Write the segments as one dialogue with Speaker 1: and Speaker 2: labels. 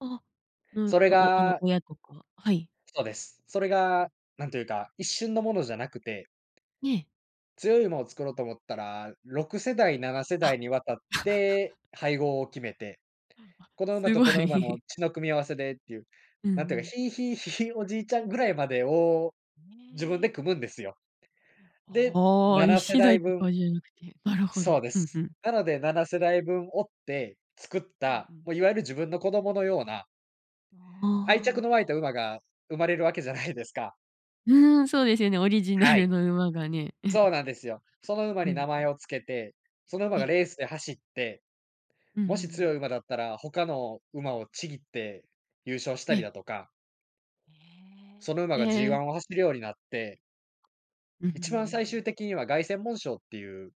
Speaker 1: あ、の、
Speaker 2: それ
Speaker 1: お、あの
Speaker 2: が
Speaker 1: 親とかはい。
Speaker 2: そうです。それ
Speaker 1: うん。
Speaker 2: が、なんというか、一瞬のものじゃなくて、
Speaker 1: ええ。
Speaker 2: 強い馬を作ろうと思ったら、6世代、ななせ
Speaker 1: あ。
Speaker 2: だいに渡って 配合を決めて、
Speaker 1: あ、
Speaker 2: この馬
Speaker 1: す
Speaker 2: と
Speaker 1: ご
Speaker 2: この馬の
Speaker 1: い。
Speaker 2: 血の組み合わせでっていう、
Speaker 1: うんう
Speaker 2: なんていうか、
Speaker 1: ん。
Speaker 2: ひい、ひい、ひいおじいちゃんぐらいまでを自分
Speaker 1: ええ。
Speaker 2: で組むんですよ。
Speaker 1: いや、
Speaker 2: で、
Speaker 1: ああ、
Speaker 2: な
Speaker 1: いっ
Speaker 2: なせ
Speaker 1: せだ
Speaker 2: だい
Speaker 1: いと
Speaker 2: 分
Speaker 1: かじゃなくて。なるほど。
Speaker 2: そうで
Speaker 1: ふんふ
Speaker 2: す。
Speaker 1: ん。
Speaker 2: なので7世代分追って作っ
Speaker 1: うんう
Speaker 2: た、
Speaker 1: ん。
Speaker 2: もういわゆる自分の子供のような愛
Speaker 1: あ
Speaker 2: 着
Speaker 1: あ。
Speaker 2: の湧いた馬が生まれるわけじゃないですか。
Speaker 1: うん、そうですよね。オリジナ
Speaker 2: は
Speaker 1: ル
Speaker 2: い。
Speaker 1: の馬がね。
Speaker 2: そう なんですよ。その馬
Speaker 1: う
Speaker 2: に
Speaker 1: ん
Speaker 2: 名
Speaker 1: うん。
Speaker 2: 前をつけて、その馬
Speaker 1: え
Speaker 2: が
Speaker 1: え。
Speaker 2: レースで走って、
Speaker 1: うんうんう
Speaker 2: もし強
Speaker 1: ん。
Speaker 2: い馬だったら、他の馬をちぎって優勝した
Speaker 1: え
Speaker 2: り
Speaker 1: え。
Speaker 2: だとか。
Speaker 1: え
Speaker 2: その馬
Speaker 1: え、
Speaker 2: がジー
Speaker 1: え
Speaker 2: ワ
Speaker 1: え。
Speaker 2: ンを走るようになって
Speaker 1: うふんふ
Speaker 2: 一
Speaker 1: ん
Speaker 2: 番最
Speaker 1: ふん。
Speaker 2: 終的には、凱旋門賞っていう、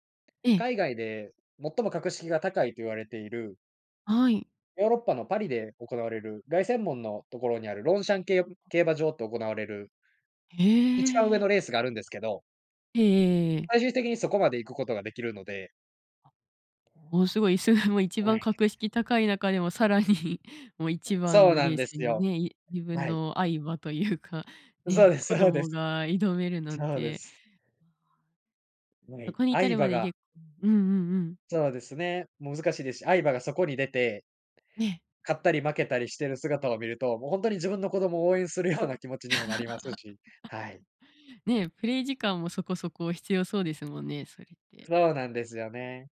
Speaker 1: ええ。
Speaker 2: 海外で最も格式が高いと言われている
Speaker 1: はい。
Speaker 2: ヨーロッパのパリで行われる、凱旋門のところにあるロンシャンけい
Speaker 1: あ
Speaker 2: 競
Speaker 1: あ、
Speaker 2: 馬
Speaker 1: あ。
Speaker 2: 場で行われる
Speaker 1: へ
Speaker 2: 一番上
Speaker 1: え。
Speaker 2: のレースがあるんですけど
Speaker 1: ええええええ。
Speaker 2: 最終的にそこまで行くことができるので。
Speaker 1: あ、おお、凄いそれはもう一
Speaker 2: は
Speaker 1: 番
Speaker 2: い。
Speaker 1: 格式高い中でもさらに、もう一番
Speaker 2: そう
Speaker 1: の
Speaker 2: な
Speaker 1: レ
Speaker 2: ん
Speaker 1: ー
Speaker 2: で
Speaker 1: ス
Speaker 2: す
Speaker 1: に
Speaker 2: よ。
Speaker 1: ね、い、自分
Speaker 2: はい。
Speaker 1: の愛馬というか、
Speaker 2: そう
Speaker 1: ね、
Speaker 2: で
Speaker 1: 子
Speaker 2: すそうです。
Speaker 1: 供が挑めるなん
Speaker 2: そうで
Speaker 1: て。
Speaker 2: す。
Speaker 1: ああ。うん、
Speaker 2: は
Speaker 1: そ
Speaker 2: い、
Speaker 1: こに至
Speaker 2: 愛
Speaker 1: るま
Speaker 2: 馬
Speaker 1: でに
Speaker 2: が
Speaker 1: 結構うんうんうん。
Speaker 2: そうですね、難しいですし、愛馬がそこに出て
Speaker 1: ええ。
Speaker 2: 勝ったり負けたりしてる姿を見ると、もうほんとに自分の子供を応援するような気持ちにもなりますし、はい。
Speaker 1: ね、プレイ時間もそこそこ必要そうですもんね、それって。
Speaker 2: そうなんですよね。